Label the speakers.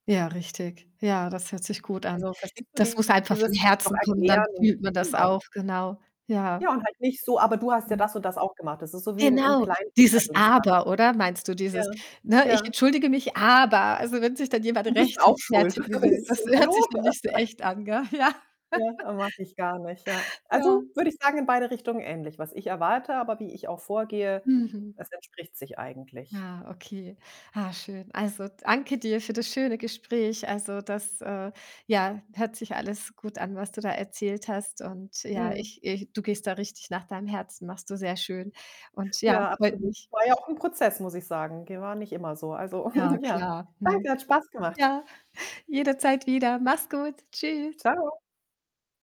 Speaker 1: Ja, richtig. Ja, das hört sich gut an.
Speaker 2: Also, verstehst du
Speaker 1: Das muss einfach von
Speaker 2: dieses noch
Speaker 1: Herzen kommen, dann
Speaker 2: erklären?
Speaker 1: fühlt man das
Speaker 2: Genau.
Speaker 1: auch. Genau, ja.
Speaker 2: Ja, und halt nicht so: „Aber du hast ja
Speaker 1: Mhm.
Speaker 2: das und das auch gemacht.“ Das ist so wie im im
Speaker 1: Genau, dieses
Speaker 2: Kleinkinder-Dingsda.
Speaker 1: „aber“, oder? Meinst du dieses,
Speaker 2: Ja.
Speaker 1: ne: „Ich
Speaker 2: Ja.
Speaker 1: entschuldige mich, aber“ Also, wenn sich dann jemand
Speaker 2: „Du bist
Speaker 1: rechtfe
Speaker 2: auch schuld.“
Speaker 1: fertigen will,
Speaker 2: So:
Speaker 1: das we hört
Speaker 2: „Hallo?“
Speaker 1: sich dann nicht so echt an, gell? Ja.
Speaker 2: Ja, oh, mag ich gar nicht, ja. Also,
Speaker 1: Ja.
Speaker 2: würde ich sagen, in beide Richtungen ähnlich, was ich erwarte, aber wie ich auch vorgehe,
Speaker 1: Mhm.
Speaker 2: das entspricht sich eigentlich.
Speaker 1: Ja, okay. Ah, schön. Also, danke dir für das schöne Gespräch. Also, das, äh, ja, hört sich alles gut an, was du da erzählt hast und ja,
Speaker 2: Mhm.
Speaker 1: ich ich du gehst da richtig nach deinem Herzen, machst du sehr schön und ja,
Speaker 2: Ja,
Speaker 1: freut
Speaker 2: absolut.
Speaker 1: mich.
Speaker 2: War ja auch 'n Prozess, muss ich sagen. Ge war ja nicht immer so. Also,
Speaker 1: Ja
Speaker 2: ja,
Speaker 1: klar, ne?
Speaker 2: danke, hat Spaß gemacht.
Speaker 1: Ja, jederzeit wieder. Mach's gut. Tschüss.
Speaker 2: Tschau.